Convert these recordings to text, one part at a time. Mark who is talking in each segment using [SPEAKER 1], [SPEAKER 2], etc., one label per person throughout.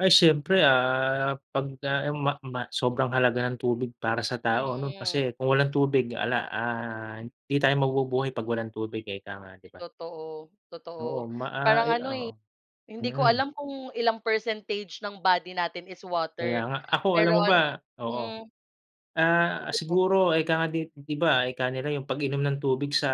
[SPEAKER 1] Ay siyempre, ah, pagka ma ma sobrang halaga ng tubig para sa tao 'no
[SPEAKER 2] Mm.
[SPEAKER 1] kasi kung walang tubig 'ala, ah, 'di tayo mabubuhay pag walang tubig, eh, ika nga 'di ba?
[SPEAKER 2] Totoo,
[SPEAKER 1] Oo
[SPEAKER 2] totoo
[SPEAKER 1] ma ah,
[SPEAKER 2] parang
[SPEAKER 1] i
[SPEAKER 2] ano,
[SPEAKER 1] oo,
[SPEAKER 2] eh, hindi ko
[SPEAKER 1] mhm.
[SPEAKER 2] alam kung ilang percentage ng body natin is
[SPEAKER 1] Kaya
[SPEAKER 2] water,
[SPEAKER 1] nga, ako
[SPEAKER 2] pero
[SPEAKER 1] alam mo
[SPEAKER 2] an
[SPEAKER 1] ba oo.
[SPEAKER 2] hmm.
[SPEAKER 1] Ah,
[SPEAKER 2] Sige po.
[SPEAKER 1] siguro, eh, 'ka nga 'di 'di ba, ika nila yung pag-inom ng tubig sa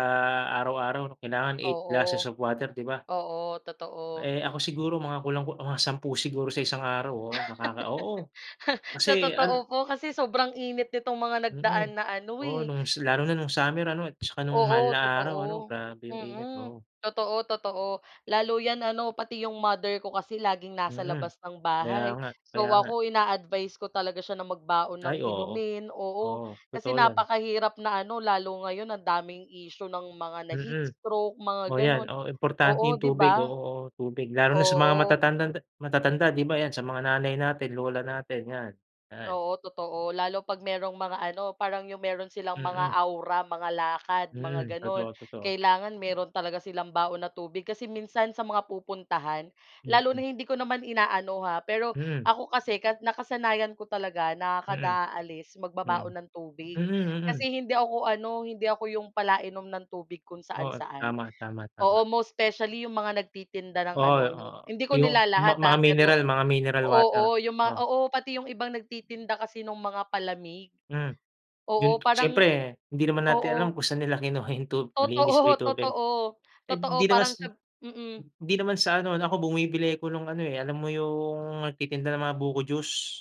[SPEAKER 1] araw-araw kailangan 8 glasses
[SPEAKER 2] Oo.
[SPEAKER 1] of water 'di ba?
[SPEAKER 2] Oo, totoo.
[SPEAKER 1] Eh, ako siguro mga kulang ku mga 10 siguro sa isang araw oo, nakaka oo
[SPEAKER 2] Sa
[SPEAKER 1] kasi ano
[SPEAKER 2] totoo po kasi sobrang init nitong mga nagdaan
[SPEAKER 1] Mm,
[SPEAKER 2] na ano,
[SPEAKER 1] oo
[SPEAKER 2] eh.
[SPEAKER 1] nung si lalo na nung summer ano at saka nung mahal
[SPEAKER 2] Oo
[SPEAKER 1] na araw ano
[SPEAKER 2] totoo.
[SPEAKER 1] grabe yung init,
[SPEAKER 2] Mm,
[SPEAKER 1] oo.
[SPEAKER 2] totoo, totoo lalo yan ano pati yung mother ko kasi laging nasa
[SPEAKER 1] Mm,
[SPEAKER 2] labas ng
[SPEAKER 1] kaya
[SPEAKER 2] bahay.
[SPEAKER 1] nga,
[SPEAKER 2] So
[SPEAKER 1] kaya nga.
[SPEAKER 2] ako ina-advise ko talaga siya na magbaon ng
[SPEAKER 1] Ay oo.
[SPEAKER 2] inumin, oo
[SPEAKER 1] Oo,
[SPEAKER 2] kasi
[SPEAKER 1] totoo yan.
[SPEAKER 2] napakahirap na ano lalo ngayon ang daming issue ng mga
[SPEAKER 1] Mm,
[SPEAKER 2] na-heatstroke mga
[SPEAKER 1] oh yan,
[SPEAKER 2] gano'n
[SPEAKER 1] oo
[SPEAKER 2] oo,
[SPEAKER 1] importante yung
[SPEAKER 2] 'di
[SPEAKER 1] tubig oo,
[SPEAKER 2] ba?
[SPEAKER 1] oo tubig, lalo na sa mga
[SPEAKER 2] Oo.
[SPEAKER 1] matatandang de matatanda 'di ba yan sa mga nanay natin, lola natin yan, yan.
[SPEAKER 2] Oo totoo, lalo pag mayrong mga ano parang yung mayro'n silang mga
[SPEAKER 1] Mm.
[SPEAKER 2] aura, mga lakad mga
[SPEAKER 1] Mm,
[SPEAKER 2] gano'n.
[SPEAKER 1] totoo, totoo.
[SPEAKER 2] Kailangan mayro'n talaga silang baon na tubig kasi minsan sa mga pupuntahan lalo na
[SPEAKER 1] Mm.
[SPEAKER 2] hindi ko naman inaano, ha. Pero
[SPEAKER 1] Hmm.
[SPEAKER 2] ako kasi ka nakasanayan ko talaga na
[SPEAKER 1] Mm.
[SPEAKER 2] kada aalis magbabaon
[SPEAKER 1] Mm.
[SPEAKER 2] ng
[SPEAKER 1] Mm,
[SPEAKER 2] tubig
[SPEAKER 1] mm.
[SPEAKER 2] kasi hindi ako ano, hindi ako yung palainom ng tubig kung
[SPEAKER 1] Oo
[SPEAKER 2] saan-saan.
[SPEAKER 1] tama, tama, tama.
[SPEAKER 2] Oo most specially yung mga nagtitinda ng
[SPEAKER 1] Oo,
[SPEAKER 2] ano 'no
[SPEAKER 1] oo
[SPEAKER 2] hindi ko
[SPEAKER 1] yung ma
[SPEAKER 2] nilalahat,
[SPEAKER 1] mga
[SPEAKER 2] ah,
[SPEAKER 1] mineral,
[SPEAKER 2] pero,
[SPEAKER 1] mga mineral water,
[SPEAKER 2] oo yung mga
[SPEAKER 1] oh.
[SPEAKER 2] oo pati yung ibang nagtitinda kasi nung mga palamig,
[SPEAKER 1] Hmm,
[SPEAKER 2] oo
[SPEAKER 1] yun
[SPEAKER 2] parang
[SPEAKER 1] siyempre hindi naman natin
[SPEAKER 2] oo.
[SPEAKER 1] alam kung saan nila kinuha yung tub malinis ba
[SPEAKER 2] Totoo,
[SPEAKER 1] yung tubig.
[SPEAKER 2] totoo,
[SPEAKER 1] Eh,
[SPEAKER 2] totoo
[SPEAKER 1] hindi naman sa
[SPEAKER 2] parang sab mm.
[SPEAKER 1] hindi naman sa ano 'no ako bumibili ako nung ano, eh, alam mo yung nagtitinda ng mga buko juice?